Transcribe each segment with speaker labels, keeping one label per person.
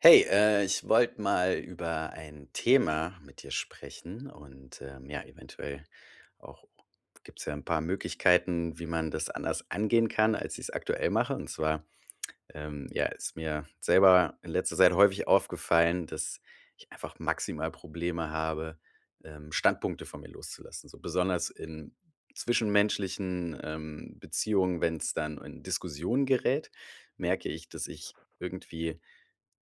Speaker 1: Hey, äh, ich wollt mal über ein Thema mit dir sprechen und, ähm ja, eventuell auch gibt's ja 'n paar Möglichkeiten, wie man das anders angehen kann, als ich's aktuell mache. Und zwar ähm ja, ist mir selber in letzter Zeit häufig aufgefallen, dass ich einfach maximal Probleme habe, ähm, Standpunkte von mir loszulassen. So besonders in zwischenmenschlichen, ähm, Beziehungen, wenn's dann in Diskussionen gerät, merke ich, dass ich irgendwie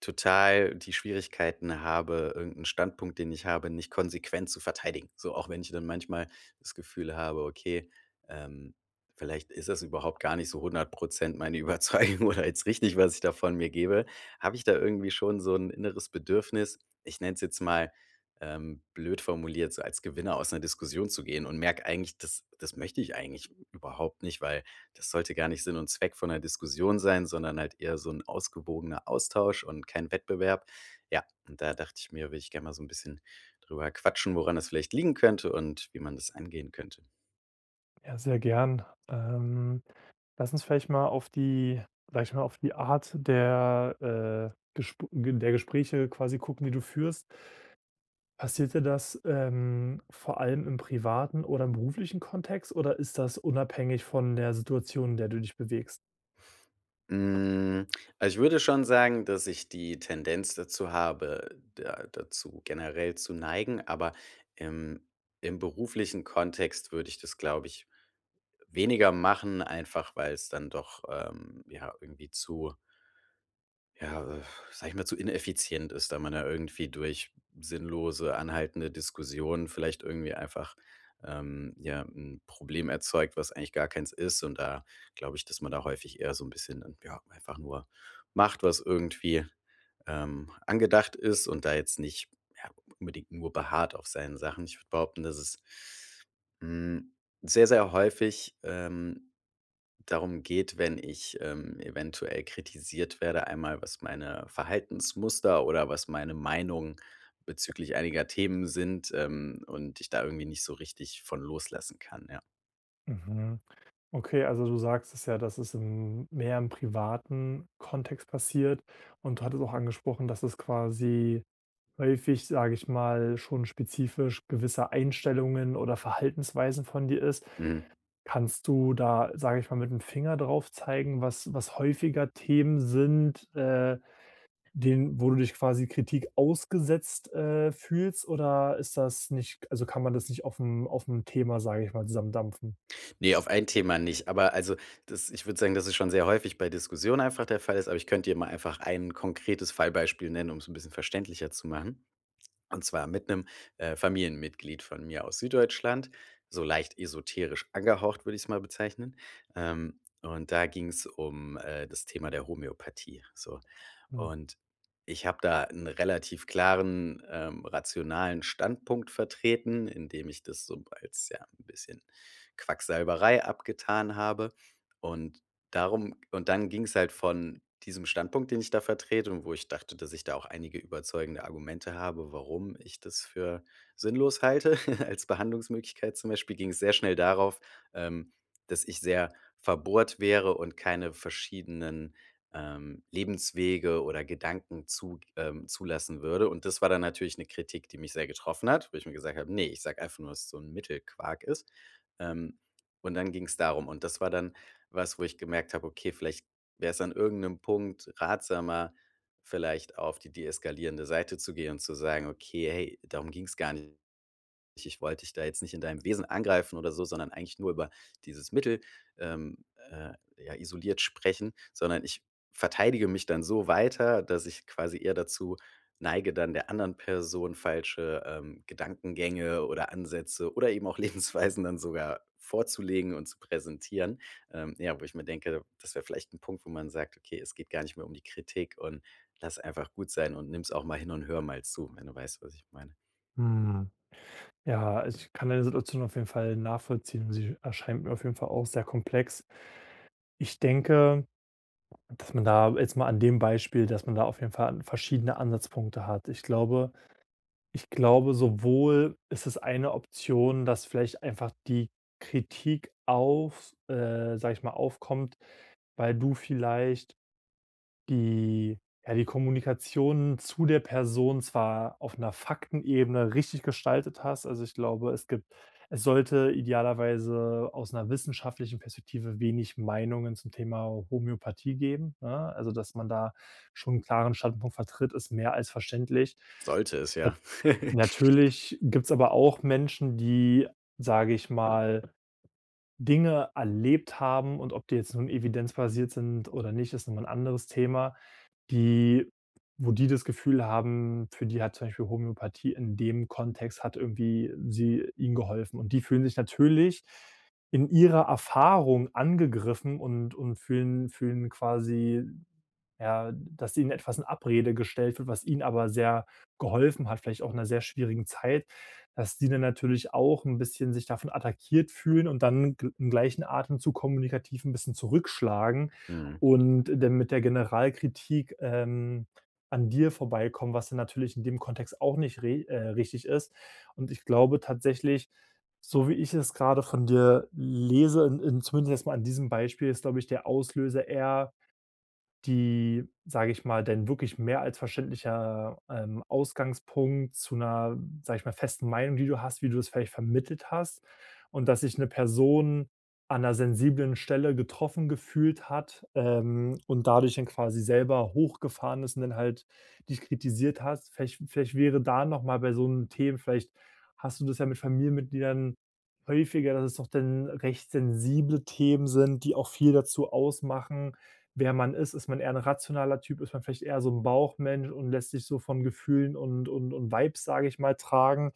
Speaker 1: total die Schwierigkeiten habe, irgend 'n Standpunkt, den ich habe, nicht konsequent zu verteidigen. So, auch wenn ich dann manchmal das Gefühl habe, okay, ähm, vielleicht ist das überhaupt gar nicht so 100 % meine Überzeugung oder jetzt richtig, was ich da von mir gebe, hab ich da irgendwie schon so'n inneres Bedürfnis, ich nenn's jetzt mal, ähm, blöd formuliert, so als Gewinner aus 'ner Diskussion zu gehen und merk eigentlich, das das möchte ich eigentlich überhaupt nicht, weil das sollte gar nicht Sinn und Zweck von 'ner Diskussion sein, sondern halt eher so 'n ausgewogener Austausch und kein Wettbewerb. Ja, und da dacht ich mir, würd ich gern mal so 'n bisschen drüber quatschen, woran das vielleicht liegen könnte und wie man das angehen könnte.
Speaker 2: Ja, sehr gern. Ähm, lass uns vielleicht mal auf die vielleicht mal auf die Art der, äh, Gesp Ge der Gespräche quasi gucken, die du führst. Passiert dir das, ähm, vor allem im privaten oder im beruflichen Kontext, oder ist das unabhängig von der Situation, in der du dich bewegst?
Speaker 1: Hm, also ich würde schon sagen, dass ich die Tendenz dazu habe, da dazu generell zu neigen, aber im im beruflichen Kontext würde ich das, glaube ich, weniger machen, einfach weil's dann doch, ähm, ja, irgendwie zu ja sag ich mal, zu ineffizient ist, wenn man da irgendwie durch sinnlose, anhaltende Diskussionen vielleicht irgendwie einfach, ähm, ja, 'n Problem erzeugt, was eigentlich gar keins ist, und da glaub' ich, dass man da häufig eher so 'n bisschen, ja, einfach nur macht, was irgendwie, ähm, angedacht ist, und da jetzt nicht, ja, unbedingt nur beharrt auf seinen Sachen. Ich würd behaupten, dass es hm sehr, sehr häufig, ähm, darum geht, wenn ich, ähm, eventuell kritisiert werde einmal, was meine Verhaltensmuster oder was meine Meinung bezüglich einiger Themen sind, ähm, und ich da irgendwie nicht so richtig von loslassen kann, ja.
Speaker 2: Mhm. Okay, also du sagst es ja, dass es- hm- mehr im privaten Kontext passiert. Und du hattest auch angesprochen, dass es quasi häufig, sag ich mal, schon spezifisch gewisse Einstellungen oder Verhaltensweisen von dir ist.
Speaker 1: Mhm.
Speaker 2: Kannst du da, sag ich mal, mit'm Finger darauf zeigen, was was häufiger Themen sind, äh, denen wo du dich quasi Kritik ausgesetzt, äh, fühlst, oder ist das nicht also kann man das nicht aufm aufm Thema, sag ich mal, zusammen dampfen?
Speaker 1: Ne, auf ein Thema nicht. Aber also, das ich würde sagen, dass es schon sehr häufig bei Diskussionen einfach der Fall ist, aber ich könnte dir mal einfach ein konkretes Fallbeispiel nennen, um's 'n bisschen verständlicher zu machen. Und zwar mit 'nem, äh, Familienmitglied von mir aus Süddeutschland, so leicht esoterisch angehaucht, würde ich's mal bezeichnen. Ähm, und da ging's um, äh, das Thema der Homöopathie, so.
Speaker 2: Mhm.
Speaker 1: Und ich hab da 'n relativ klaren, ähm, rationalen Standpunkt vertreten, indem ich das so als, ja, 'n bisschen Quacksalberei abgetan habe. Und darum und dann ging's halt von diesem Standpunkt, den ich da vertrete- und wo ich dachte, dass ich da auch einige überzeugende Argumente habe, warum ich das für sinnlos halte als Behandlungsmöglichkeit- zum Beispiel, ging's sehr schnell darauf, ähm, dass ich sehr verbohrt wäre und keine verschiedenen, ähm, Lebenswege oder Gedanken zu ähm, zulassen würde. Und das war dann natürlich 'ne Kritik, die mich sehr getroffen hat, wo ich mir gesagt hab: „Ne, ich sag einfach nur, dass das so 'n Mittelquark ist.“ Ähm, und dann ging's darum. Und das war dann was, wo ich gemerkt hab, okay, vielleicht wär's an irgend 'nem Punkt ratsamer, vielleicht auf die deeskalierende Seite zu gehen und zu sagen: „Okay, hey, darum ging's gar nicht. Ich ich wollt dich da jetzt nicht in deinem Wesen angreifen oder so, sondern eigentlich nur über dieses Mittel, ähm, äh, ja, isoliert sprechen,“ sondern ich verteidige mich dann so weiter, dass ich quasi eher dazu neige, dann der anderen Person falsche, ähm, Gedankengänge oder Ansätze oder eben auch Lebensweisen dann sogar vorzulegen und zu präsentieren. Ähm, ja, wo ich mir denke, das wär vielleicht 'n Punkt, wo man sagt: „Okay, es geht gar nicht mehr um die Kritik und lass einfach gut sein und nimm's auch mal hin und hör mal zu,“ wenn du weißt, was ich meine.
Speaker 2: Mhm. Ja, also ich kann deine Situation auf jeden Fall nachvollziehen. Sie erscheint mir auf jeden Fall auch sehr komplex. Ich denke dass man da- jetzt mal an dem Beispiel- dass man da auf jeden Fall verschiedene Ansatzpunkte hat. Ich glaube ich glaube, sowohl ist es eine Option, dass vielleicht einfach die Kritik auf äh, sag ich mal, aufkommt, weil du vielleicht die ja, die Kommunikation zu der Person zwar auf 'ner Faktenebene richtig gestaltet hast, also ich glaube, es gibt es sollte idealerweise aus 'ner wissenschaftlichen Perspektive wenig Meinungen zum Thema Homöopathie geben, ne? Also, dass man da schon 'n klaren Standpunkt vertritt, ist mehr als verständlich.
Speaker 1: Sollte es
Speaker 2: Nat
Speaker 1: ja.
Speaker 2: Natürlich gibt's aber auch Menschen, die, sage ich mal, Dinge erlebt haben- und ob die jetzt nun evidenzbasiert sind oder nicht, ist noch mal 'n anderes Thema- die wo die das Gefühl haben, für die hat zum Beispiel Homöopathie in dem Kontext hat irgendwie sie ihnen geholfen. Und die fühlen sich natürlich in ihrer Erfahrung angegriffen und und fühlen fühlen quasi, ja, dass ihnen etwas in Abrede gestellt wird, was ihnen aber sehr geholfen hat, vielleicht auch in 'ner sehr schwierigen Zeit, dass die dann natürlich auch 'n bisschen sich davon attackiert fühlen und dann im gleichen Atemzug kommunikativ 'n bisschen zurückschlagen
Speaker 1: Mhm.
Speaker 2: und dann mit der Generalkritik, ähm, an dir vorbeikommen, was dann natürlich in dem Kontext auch nicht re äh, richtig ist. Und ich glaube tatsächlich- so wie ich es grade von dir lese in in zumindest erstmal an diesem Beispiel ist, glaub ich, der Auslöser eher die, sag' ich mal dein wirklich mehr als verständlicher, ähm, Ausgangspunkt zu 'ner, sag' ich mal, festen Meinung, die du hast, wie du das vielleicht vermittelt hast. Und dass sich 'ne Person an 'ner sensiblen Stelle getroffen gefühlt hat, ähm, und dadurch dann quasi selber hochgefahren ist und dann halt dich kritisiert hast. Vielleicht vielleicht wäre da noch mal bei so 'n Themen vielleicht hast du das ja mit Familienmitgliedern häufiger, dass es doch dann recht sensible Themen sind, die auch viel dazu ausmachen, wer man ist. Ist man eher 'n rationaler Typ? Ist man vielleicht eher so 'n Bauchmensch und lässt sich so von Gefühlen und und und Vibes, sag' ich mal, tragen?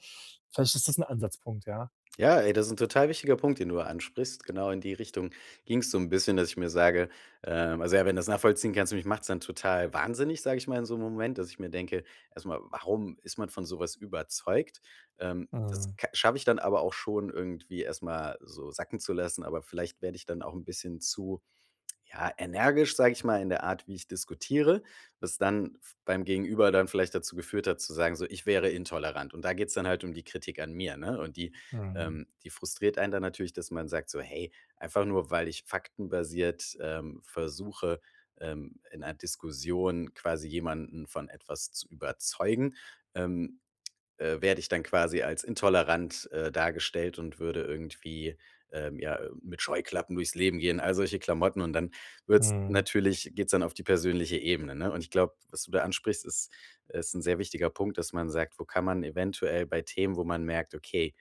Speaker 2: Vielleicht ist das 'n Ansatzpunkt, ja.
Speaker 1: Ja, ey, das is'n total wichtiger Punkt, den du da ansprichst. Genau in die Richtung ging's so 'n bisschen, dass ich mir sage, ähm also ja, wenn du das nachvollziehen kannst mich macht's dann total wahnsinnig, sag ich mal, in so 'nem Moment, dass ich mir denke, erst mal: „Warum ist man von so was überzeugt?“ Ähm, das
Speaker 2: Mhm.
Speaker 1: ka schaffe ich dann aber auch schon irgendwie erst mal so sacken zu lassen, aber vielleicht werde ich dann auch 'n bisschen zu, ja, energisch, sage ich mal, in der Art, wie ich diskutiere, das dann beim f Gegenüber dann vielleicht dazu geführt hat, zu sagen, so, ich wäre intolerant. Und da geht's dann halt um die Kritik an mir, ne, und die,
Speaker 2: Mhm.
Speaker 1: ähm, die frustriert einen dann natürlich, dass man sagt so, hey, einfach nur, weil ich faktenbasiert, ähm, versuche, ähm, in einer Diskussion quasi jemanden von etwas zu überzeugen, ähm, äh, werde ich dann quasi als intolerant, äh, dargestellt und würde irgendwie, ähm, ja, äh, mit Scheuklappen durchs Leben gehen- all solche Klamotten- und dann wird's
Speaker 2: Mhm.
Speaker 1: natürlich geht's dann auf die persönliche Ebene, ne? Und ich glaub, was du da ansprichst, ist ist 'n sehr wichtiger Punkt, dass man sagt, wo kann man eventuell bei Themen, wo man merkt: Okay,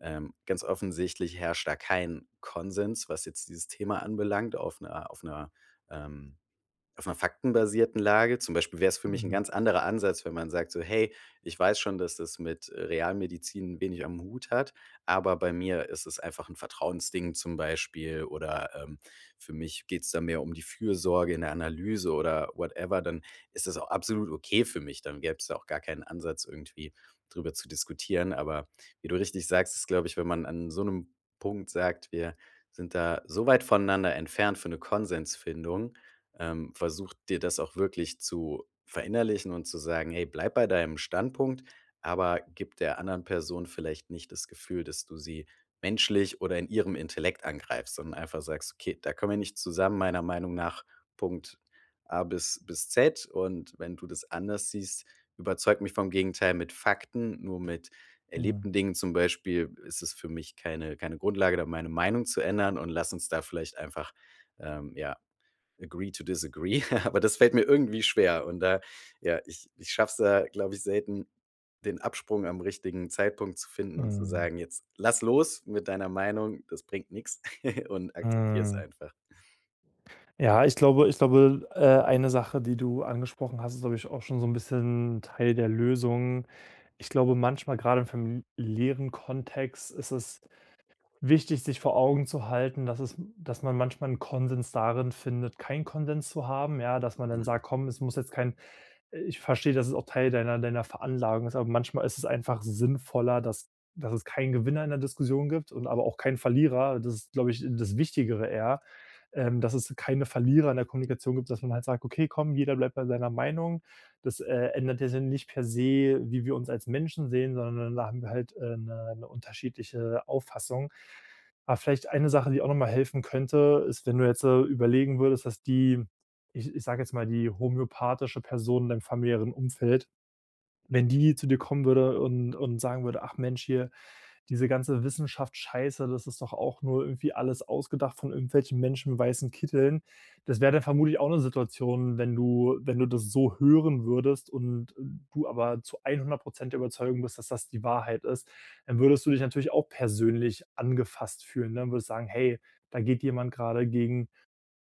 Speaker 1: ähm, ganz offensichtlich herrscht da kein Konsens, was jetzt dieses Thema anbelangt, auf 'ner auf 'ner, ähm, auf 'ner faktenbasierten Lage. Zum Beispiel wär's für mich 'n
Speaker 2: Mhm.
Speaker 1: ganz anderer Ansatz, wenn man sagt so: „Hey, ich weiß schon, dass das mit, äh, Realmedizin wenig am Hut hat, aber bei mir ist es einfach 'n Vertrauensding,“ zum Beispiel, oder, ähm: „Für mich geht's da mehr um die Fürsorge in der Analyse“ oder whatever, dann ist das auch absolut okay für mich. Dann gäb's da auch gar keinen Ansatz, irgendwie drüber zu diskutieren. Aber wie du richtig sagst, ist, glaube ich, wenn man an so 'nem Punkt sagt: „Wir sind da so weit voneinander entfernt für 'ne Konsensfindung,“ ähm, versuch dir das auch wirklich zu verinnerlichen und zu sagen: „Hey, bleib bei deinem Standpunkt, aber gib der anderen Person vielleicht nicht das Gefühl, dass du sie menschlich oder in ihrem Intellekt angreifst,“ sondern einfach sagst: „Okay, da kommen wir nicht zusammen, meiner Meinung nach, Punkt A bis bis Z. Und wenn du das anders siehst, überzeug mich vom Gegenteil mit Fakten. Nur mit
Speaker 2: Mhm.
Speaker 1: erlebten Dingen zum Beispiel ist es für mich keine keine Grundlage, da meine Meinung zu ändern, und lass uns da vielleicht einfach, ähm, ja, agree to disagree.” Aber das fällt mir irgendwie schwer, und da, ja, ich ich schaff's da, glaube ich, selten, den Absprung am richtigen Zeitpunkt zu finden und zu
Speaker 2: Mhm.
Speaker 1: sagen: „Jetzt lass los mit deiner Meinung. Das bringt nix und akzeptier es
Speaker 2: Mhm.
Speaker 1: einfach.“
Speaker 2: Ja, ich glaube ich glaube, äh, eine Sache, die du angesprochen hast, ist, glaub ich, auch schon so 'n bisschen Teil der Lösung. Ich glaube, manchmal- grade im familiären Kontext- ist es wichtig, sich vor Augen zu halten, dass es dass man manchmal 'n Konsens darin findet, keinen Konsens zu haben, ja, dass man dann
Speaker 1: Mhm.
Speaker 2: sagt: „Komm, es muss jetzt kein“ „ich versteh, dass es auch Teil deiner deiner Veranlagung ist“, aber manchmal ist es einfach sinnvoller, dass dass es keinen Gewinner in der Diskussion gibt und aber auch keinen Verlierer. Das ist, glaube ich, das Wichtigere eher, ähm, dass es keine Verlierer in der Kommunikation gibt, dass man halt sagt: „Okay, komm, jeder bleibt bei seiner Meinung. Das, äh, ändert ja dann nicht per se, wie wir uns als Menschen sehen, sondern da haben wir halt, ähm, 'ne 'ne unterschiedliche Auffassung.“ Aber vielleicht eine Sache, die auch noch mal helfen könnte, ist, wenn du jetzt da überlegen würdest, dass die, ich ich sag jetzt mal die homöopathische Person in deinem familiären Umfeld wenn die zu dir kommen würde und und sagen würde: „Ach Mensch hier, diese ganze Wissenschaftscheiße, das ist doch auch nur irgendwie alles ausgedacht von irgendwelchen Menschen mit weißen Kitteln.“ Das wäre dann vermutlich auch 'ne Situation, wenn du wenn du das so hören würdest und und du aber zu 100 % der Überzeugung bist, dass das die Wahrheit ist, dann würdest du dich natürlich auch persönlich angefasst fühlen, ne, und würdest sagen: „Hey, da geht jemand grade gegen,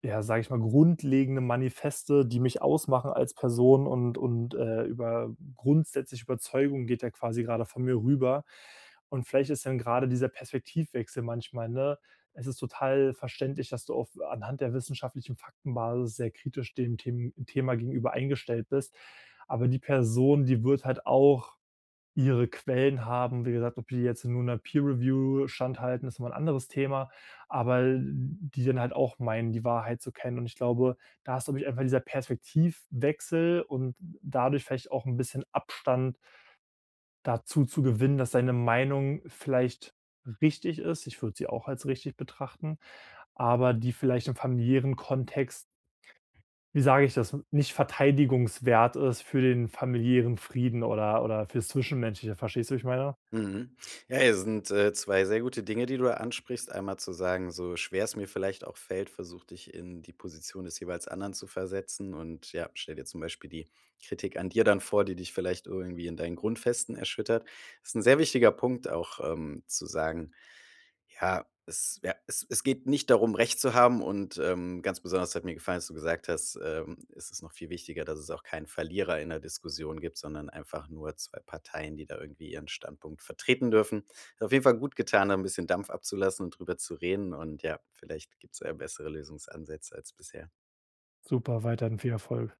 Speaker 2: ja, sag ich mal, grundlegende Manifeste, die mich ausmachen als Person, und und, äh, über grundsätzliche Überzeugungen geht der quasi grade von mir rüber.“ Und vielleicht ist dann grade dieser Perspektivwechsel manchmal, ne es ist total verständlich, dass du auf anhand der wissenschaftlichen Faktenbasis sehr kritisch dem Them Thema gegenüber eingestellt bist. Aber die Person, die wird halt auch ihre Quellen haben. Wie gesagt, ob die jetzt nun 'ner Peer Review standhalten, ist nochmal 'n anderes Thema, aber die dann halt auch meinen, die Wahrheit zu kennen. Und ich glaube, da ist, glaube ich, einfach dieser Perspektivwechsel und dadurch vielleicht auch 'n bisschen Abstand dazu zu gewinnen, dass deine Meinung vielleicht richtig ist. ich würd sie auch als richtig betrachten. Aber die vielleicht im familiären Kontext wie sage ich das- nicht verteidigungswert ist für den familiären Frieden oder oder fürs Zwischenmenschliche, verstehst du, wie ich meine?
Speaker 1: Mhm. Ja, ey, das sind, äh, 2 sehr gute Dinge, die du da ansprichst. Einmal zu sagen: „So schwer es mir vielleicht auch fällt, versuch dich in die Position des jeweils anderen zu versetzen, und, ja, stell dir zum Beispiel die Kritik an dir dann vor, die dich vielleicht irgendwie in deinen Grundfesten erschüttert.“ Das ist 'n sehr wichtiger Punkt auch, ähm, zu sagen: „Ja, es, ja, es es geht nicht darum, recht zu haben.“ Und, ähm, ganz besonders hat mir gefallen, als du gesagt hast, ähm, es ist noch viel wichtiger, dass es auch keinen Verlierer in der Diskussion gibt, sondern einfach nur 2 Parteien, die da irgendwie ihren Standpunkt vertreten dürfen. Hat auf jeden Fall gut getan, da 'n bisschen Dampf abzulassen und drüber zu reden. Und ja, vielleicht gibt's da ja bessere Lösungsansätze als bisher.
Speaker 2: Super, weiterhin viel Erfolg!